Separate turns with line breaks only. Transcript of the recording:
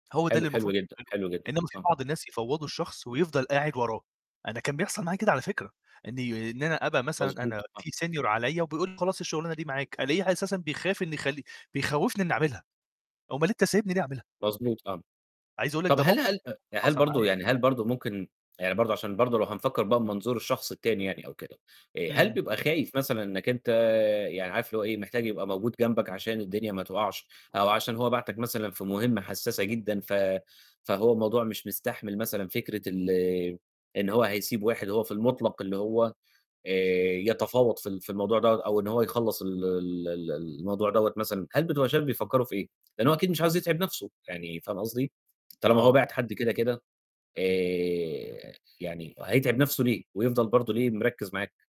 هو ده اللي
حلو، حلو
المفروض
جدًا،
تعمله،
حلو جدًا،
إنمّا في
آه.
بعض الناس يفوضوا الشخص ويفضل قاعد وراه. أنا كان بيحصل معايا
امم.
كده على فكرة، إني إن أنا أبقى مثلًا
مضبوط،
أنا
آه.
في senior عليّا وبيقول لي: "خلاص، الشغلانة دي معاك" ألاقيه أساسا بيخاف إنه يخلّي بيخوفني إني أعملها، أومال أنت سايبني ليه أعملها؟
مضبوط، آه.
عايز أقول لك
طَب
ده
هل
موقِف
هل هل
حصل
برضه
معايا.
يعني هل برضه ممكن يعني برضه عشان برضه لو هنفكّر بقى بمنظور الشخص التاني يعني أو كده، آآ، هل
إمم.
بيبقى خايف مثلًا إنك أنت آآ، يعني عارف اللي هو إيه، محتاج يبقى موجود جنبك عشان الدنيا ما توقعش، أو عشان هو بعتك مثلًا في مهمة حساسة جدًا، ف فهو الموضوع مش مستحمل مثلًا فكرة ال إن هو هيسيب واحد هو في المطلق، اللي هو آآ، يتفاوض في ال في الموضوع ده، أو إن هو يخلّص ال ال ال الموضوع دوّة مثلًا؟ هل بتبقى شايف بيفكّروا في إيه؟ لأنه هو أكيد مش عايز يتعب نفسه، يعني فاهم قصدي؟ طالما هو
آه.
باعت حد كده كده، آآ، يعني هيتعب نفسه ليه، ويفضل برضه ليه مركّز معاك؟